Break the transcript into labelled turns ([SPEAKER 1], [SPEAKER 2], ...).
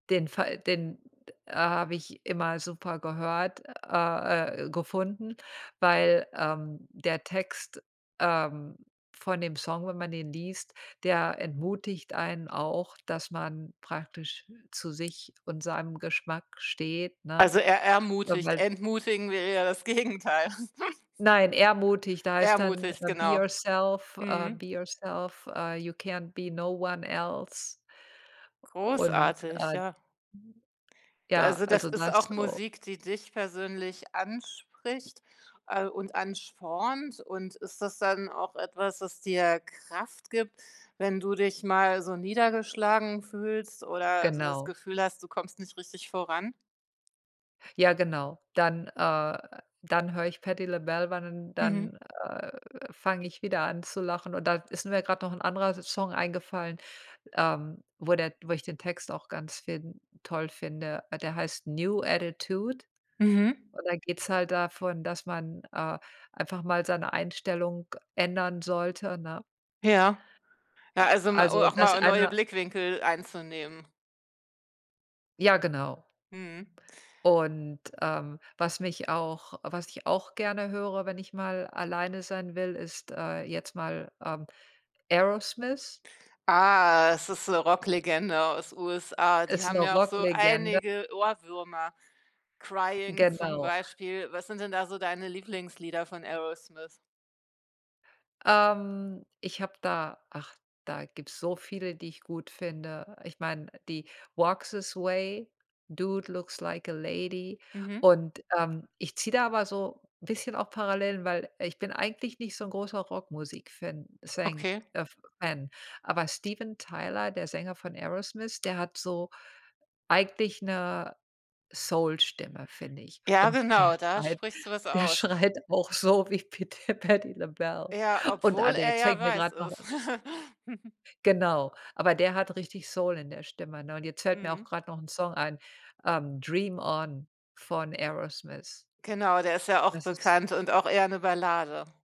[SPEAKER 1] Den Fall, den d a habe ich immer super gehört, a äh, gefunden, weil, ähm, der Text, ähm, von dem Song, wenn man den liest, der entmutigt einen auch, dass man praktisch zu sich und seinem Geschmack steht, ne?
[SPEAKER 2] Also, er
[SPEAKER 1] Äh,
[SPEAKER 2] ermutigt,
[SPEAKER 1] weil
[SPEAKER 2] entmutigen wäre ja das Gegenteil.
[SPEAKER 1] Nein, ermutigt heißt dann:
[SPEAKER 2] Ermutigt,
[SPEAKER 1] „Be
[SPEAKER 2] genau.
[SPEAKER 1] yourself äh,
[SPEAKER 2] Mhm.
[SPEAKER 1] be yourself, äh, you can't be no one else.“ Und,
[SPEAKER 2] Großartig,
[SPEAKER 1] äh [unintelligible]
[SPEAKER 2] ja.
[SPEAKER 1] ja,
[SPEAKER 2] Also, das
[SPEAKER 1] also,
[SPEAKER 2] ist
[SPEAKER 1] das
[SPEAKER 2] auch
[SPEAKER 1] o
[SPEAKER 2] Musik, die dich persönlich anspricht, äh, und anspornt, und ist das dann auch etwas, das dir Kraft gibt, wenn du dich mal so niedergeschlagen fühlst oder das
[SPEAKER 1] Genau.
[SPEAKER 2] Gefühl hast, du kommst nicht richtig voran?
[SPEAKER 1] Ja, genau. Dann, äh dann höre ich Patti LaBelle ban und
[SPEAKER 2] Mhm.
[SPEAKER 1] dann, äh, fange ich wieder an zu lachen, und da ist mir grad noch 'n anderer Song eingefallen, ähm, wo der wo ich den Text auch ganz fin toll finde. Der heißt „New Attitude“,
[SPEAKER 2] Mhm.
[SPEAKER 1] und da geht's halt davon, dass man, äh, einfach mal seine Einstellung ändern sollte, ne?
[SPEAKER 2] Ja, ja,
[SPEAKER 1] Äh,
[SPEAKER 2] also, ma
[SPEAKER 1] also,
[SPEAKER 2] auch
[SPEAKER 1] das
[SPEAKER 2] mal neue
[SPEAKER 1] einer
[SPEAKER 2] Blickwinkel einzunehmen.
[SPEAKER 1] Ja, genau.
[SPEAKER 2] Mhm.
[SPEAKER 1] Und, ähm, was mich auch was ich auch gerne höre, wenn ich mal alleine sein will, ist, äh, jetzt mal, ähm, Aerosmith.
[SPEAKER 2] Ah, es ist 'ne Rock-Legende aus USA, die
[SPEAKER 1] Ist
[SPEAKER 2] haben
[SPEAKER 1] 'ne
[SPEAKER 2] ja auch so
[SPEAKER 1] Rock-Legende.
[SPEAKER 2] einige Ohrwürmer, „Crying“ zum
[SPEAKER 1] Genau.
[SPEAKER 2] Beispiel. Was sind denn da so deine Lieblingslieder von Aerosmith?
[SPEAKER 1] Ähm, ich habe da ach, da gibt's so viele, die ich gut finde, ich meine, die „Walk this Way“, „Dude looks like a Lady“,
[SPEAKER 2] Mhm.
[SPEAKER 1] und, ähm, ich ziehe da aber so bisschen auch Parallelen, weil ich bin eigentlich nicht so 'n großer Rockmusik-Fan es sein
[SPEAKER 2] Okay.
[SPEAKER 1] ef Fan, aber Steven Tyler, der Sänger von Aerosmith, der hat so eigentlich 'ne Soul-Stimme, finde ich.
[SPEAKER 2] Ja,
[SPEAKER 1] Und der
[SPEAKER 2] genau, da
[SPEAKER 1] schreit
[SPEAKER 2] sprichst du was
[SPEAKER 1] der
[SPEAKER 2] aus.
[SPEAKER 1] schreit auch so wie pit Patti LaBelle.
[SPEAKER 2] Ja,
[SPEAKER 1] Und ah,
[SPEAKER 2] obwohl
[SPEAKER 1] der
[SPEAKER 2] er ja
[SPEAKER 1] zeigt mir
[SPEAKER 2] weiß
[SPEAKER 1] grad noch
[SPEAKER 2] ist.
[SPEAKER 1] [unintelligible] Genau, aber der hat richtig Soul in der Stimme, ne, und jetzt fällt mir auch
[SPEAKER 2] Mhm.
[SPEAKER 1] grad noch 'n Song ein, ähm, „Dream On“ von Aerosmith.
[SPEAKER 2] Genau, der ist ja auch
[SPEAKER 1] Das ist
[SPEAKER 2] bekannt und auch eher 'ne Ballade.